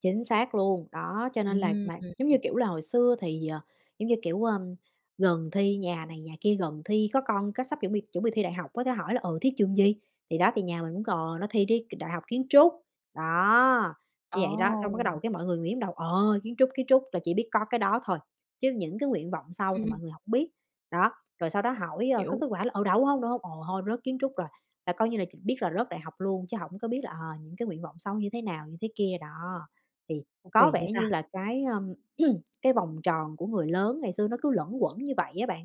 Chính xác luôn. Đó, cho nên là Ừm, mà giống như ừm. kiểu là hồi xưa thì, ờ, giống như kiểu, ơ, gần thi nhà này nhà kia gần thi có con cái sắp chuẩn bị chuẩn bị thi đại học có thể hỏi là "Ừ, thi trường gì?" Thì đó, thì nhà mình cũng cò nó thì đi k Đại học Kiến trúc, đó, như vậy đó. Xong cái bắt Ồ! đầu cái mọi người nghĩ trong đầu: "Ờ, Kiến trúc, Kiến trúc" là chỉ biết có cái đó thôi, chứ những cái nguyện vọng sau Ừm, thì ừm. mọi người hổng biết. Đó, rồi sau đó hỏi, ờ, có Hiểu. kết quả là: "Ừ, đậu hông? Đậu hông?", "Ờ, thôi rớt Kiến trúc rồi", là coi như là ch biết là rớt đại học luôn, chứ hổng có biết là, ờ, những cái nguyện vọng sau như thế nào như thế kia, đó. Thì Ô, có kỳ vậy vẻ như ta? là cái, ưm, cái vòng tròn của người lớn ngày xưa nó cứ luẩn quẩn như vậy á bạn.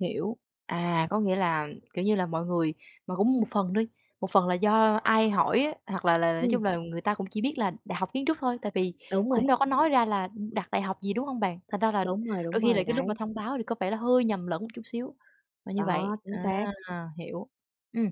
Hiểu. À, có nghĩa là, kiểu như là, mọi người mà cũng một phần đi, một phần là do ai hỏi á, hoặc là là, nói chung Ừm. là người ta cũng chỉ biết là Đại học Kiến trúc thôi, tại vì Đúng cũng rồi. đâu có nói ra là, ừm, đặt đại học gì, đúng hông bạn? Thành ra là Đúng rồi, đôi đúng khi là rồi, cái lúc mà đấy. thông báo thì có vẻ là hơi nhầm lẫn một chút xíu là như vậy. Đó, chính À, xác. hiểu. Ừm,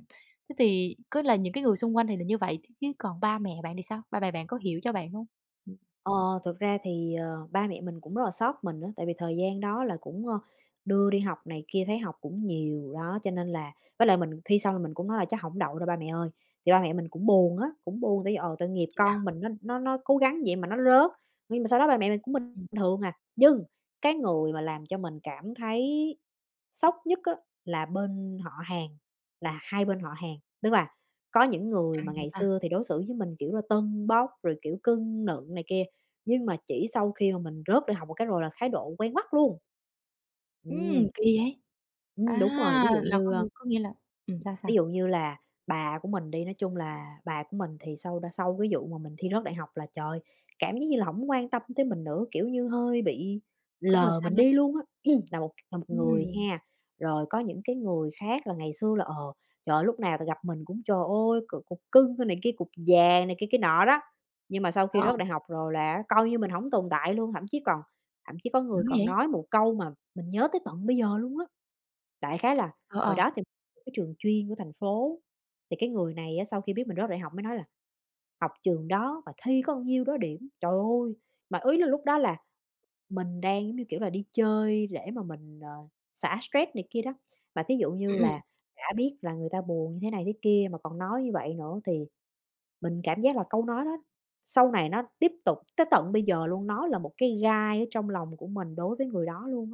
thế thì có là những cái người xung quanh thì là như vậy, chứ chứ còn ba mẹ bạn thì sao? Ba mẹ bạn có hiểu cho bạn hông? Ừm. Ờ, thực ra thì, ờ, ba mẹ mình cũng rất là xót mình á. Tại vì thời gian đó là cũng, ờ, đưa đi học này kia, thấy học cũng nhiều. Đó, cho nên là với lại mình thi xong là mình cũng nói là "Chắc hổng đậu đâu ba mẹ ơi!" Thì ba mẹ mình cũng buồn á, cũng buồn, tại vì, ờ, tội nghiệp Chà! con mình nó nó nó cố gắng vậy mà nó rớt. Nhưng mà sau đó ba mẹ mình cũng bình Ừm. thường à. Nhưng cái người mà làm cho mình cảm thấy sốc nhất á, là bên họ hàng, là hai bên họ hàng. Tức là có những người Căng mà vậy ngày ta. xưa thì đối xử với mình kiểu là tâng bốc, rồi kiểu cưng nựng này kia, nhưng mà chỉ sau khi mà mình rớt đại học một cái rồi là thái độ quay ngoắt luôn. Ừm! Ừm. Kỳ vậy? À! Ừm, đúng rồi, ví dụ Là có như, a nghĩa có nghĩa là ừm, sao, sao? Ví dụ như là bà của mình đi, nói chung là bà của mình thì sau đ sau cái vụ mà mình thi rớt đại học là, trời ơi, cảm giác như là hổng quan tâm tới mình nữa. Kiểu như hơi bị Có mùi lờ xa mình lánh. đi luôn á, là một là một người Ừm. ha. Rồi có những cái người khác là ngày xưa là, ờ, trời ơi, lúc nào là gặp mình cũng "trời ơi, c cục cưng" này kia, cục vàng này kia kia nọ đó, nhưng mà sau Ồ, khi rớt ồ. đại học rồi là á coi như mình hổng tồn tại luôn. Thậm chí còn thậm chí có Dữ người còn vậy! nói một câu mà mình nhớ tới tận bây giờ luôn á. Đại khái là Ồ, hồi ồ. đó thì cái trường chuyên của thành phố, thì cái người này á, sau khi biết mình rớt đại học mới nói là "Học trường đó mà thi có bao nhiêu đó điểm." Trời ơi! Mà ý là lúc đó là mình đang giống như kiểu là đi chơi để mà mình, ờ, xả stress này kia đó. Mà thí dụ như Ừm, ừm. là đã biết là người ta buồn như thế này thế kia mà còn nói như vậy nữa, thì mình cảm giác là câu nói đó, sau này nó tiếp tục tới tận bây giờ luôn, nó là một cái gai ở trong lòng của mình đối với người đó luôn á.